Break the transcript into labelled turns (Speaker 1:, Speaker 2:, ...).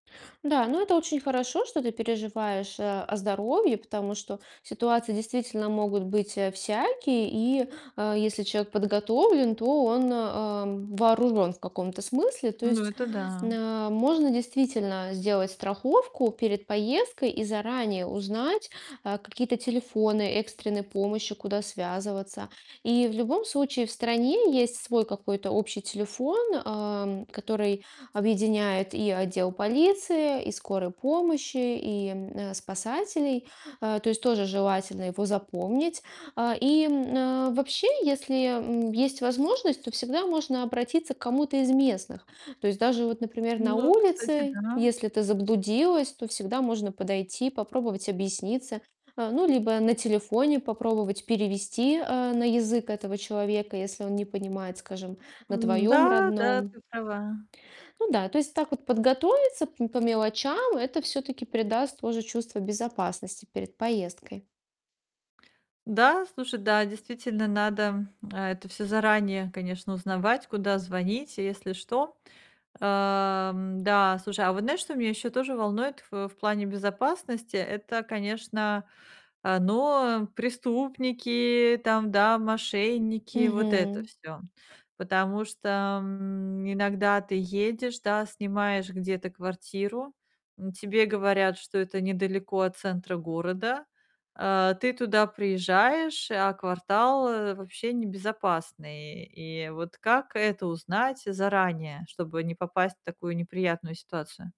Speaker 1: Да, но это очень хорошо, что ты переживаешь а о здоровье, потому что ситуации действительно могут быть, э, всякие, и, а, если человек подготовлен, то он, а, вооружен в каком-то смысле. То
Speaker 2: Ну
Speaker 1: есть
Speaker 2: это да.
Speaker 1: на Можно действительно сделать страховку перед поездкой и заранее узнать, а, какие-то телефоны экстренной помощи, куда связываться. И, в любом случае, в стране есть свой какой-то общий телефон, ам, который объединяет и отдел полиции, и скорой помощи, и, м, спасателей, а, то есть тоже желательно его запомнить. А, и, м, вообще, если, м, есть возможность, то всегда можно обратиться к кому-то из местных. То есть даже вот например, на
Speaker 2: Ну, кстати,
Speaker 1: улице,
Speaker 2: да.
Speaker 1: если ты заблудилась, то всегда можно подойти, попробовать объясниться. А, ну, либо на телефоне попробовать перевести, а, на язык этого человека, если он не понимает, скажем, на твоём
Speaker 2: М-да, да,
Speaker 1: родном.
Speaker 2: ты права.
Speaker 1: Ну да, то есть так вот подготовиться пм по мелочам это все-таки придаст тоже чувство безопасности перед поездкой.
Speaker 2: Да, слушай, да, действительно надо это всё заранее, конечно, узнавать, куда звонить, если что. Ам, да, слушай, а вот знаешь, что меня еще тоже волнует в в плане безопасности это, конечно, а, ну, преступники, там, да, мошенники, вот это
Speaker 1: Мгм.
Speaker 2: всё. Потому что иногда ты едешь, да, снимаешь где-то квартиру, м, тебе говорят, что это недалеко от центра города, а, ты туда приезжаешь, а квартал, э, вообще небезопасный, и вот как это узнать заранее, чтобы не попасть в такую неприятную ситуацию?